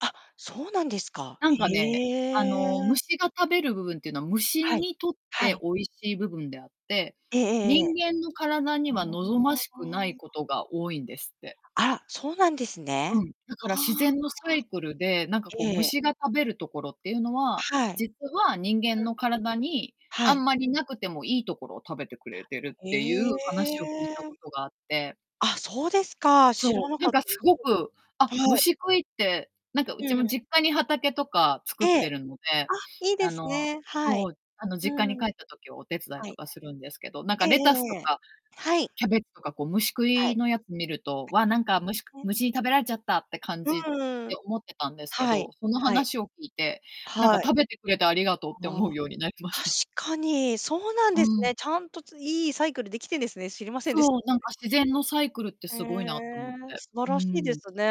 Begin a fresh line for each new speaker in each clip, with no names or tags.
あ、そうなんですか。
なん
へ
かね、あの、
え。
虫が食べる部分っていうのは、虫
はい、
にとっ
は
て
い。
美味しい部分であって、
えええええ
人
え。
間の体には望ま
あ
しくない
あ。
ことが多いんですって。
あら、そうなんです
う
ね。
ん。だ
あ
から自然のサ
あ、
イクルで、なんかこう
ええ。
虫が食べるところっていうのは、
はい。
実は人間の体にあ
はい。
んまり無くてもいい所を食べてくれてるっ
へ
ていう話を聞いたこ
え。
とがあって。
あ、そうですか、知ら
そ
な
う、な
か
ん
っ
か
た
す
です。
ごく、あ、
はい。
虫食いって、なんかうち
うん。
も実家に畑とか作っ
ええ。
てるので、
あ、いいで
あ
す
の
ね、はい。
そう、あの、
う
実家に
ん。
帰った時はお手伝い
は
と
い。
かするんですけど、なんか
ええ
レタス
え
と
えええ。
か、
はい。
キャベとか、こう虫食
はい。
いのや見ると、
あ
わ、
りま
なんか虫く
すね。
虫に食べられちゃったって感じ
う
で
ん。
思ってたんですけ
は
ど、
い、
その
はい。
話を聞いて、なんか
はい。
食べてくれてありがとうって思
は
う
あ、
ようになりまし
確
た。
かに、そうなん
う
です
ん。
ね。ちゃんとついいサイクルできてんですね。知りませんでし
そ
た、
う、な
そ
ん
れ。
か自然のサイクルって
へ
すごいなと思っ
え、
て。
素晴
う
らしいで
ん。
すね。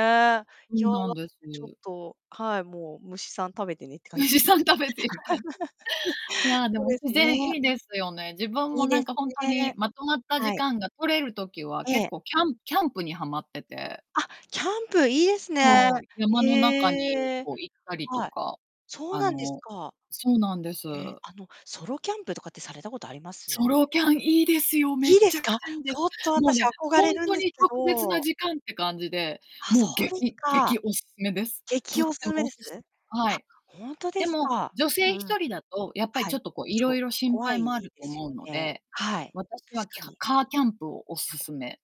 いや、
うなんです。
ちょっとはい、もう虫さん食べてねって感じ
虫さ
[unintelligible]
ん食べていたん。い や、で
そう
も
です
自
ね。
然いいですよね。自分も
いい
な
で
ん
す
かほんと
ね。
にまとまった時
はい。
間が取れる時は
え
結
え。
構キャンキャンプにはまってて。
あ、キャンプいいですね。
そう、山の中に
ええ。
こう行ったりと
はい。
か。
そう
あ
なんです
の
か。
そうなんです。
え、あの、ソロキャンプとかってされたことありま
ソ
す？
ロキャンいいですよ、め
いいで
ち
す
ゃく
か？
ちゃいいで
ち
す。
ょっと
もう
私
ね、
憧
ほ
れ
ん
るん
と
です
に
け
特別な
ど。
時間って感じで、
あ、そ
もう
うです
激
か。
激おすすめです。と
劇
っ
おす
て
すめ
もお
で
勧
す？あ、
め。はい。
ほんとで
で
す
も、
か？
女
う
性
んう
一
ん。
人だとやっぱり
は
ちょ
い。
っと、こう、
そ
色
う、
々心
怖
配もあ
い
る
で
と
す
思う
よ
の
ね。
で、
はい、
私は
確
キ
か
ャ
に。
カーキャンプをお勧め。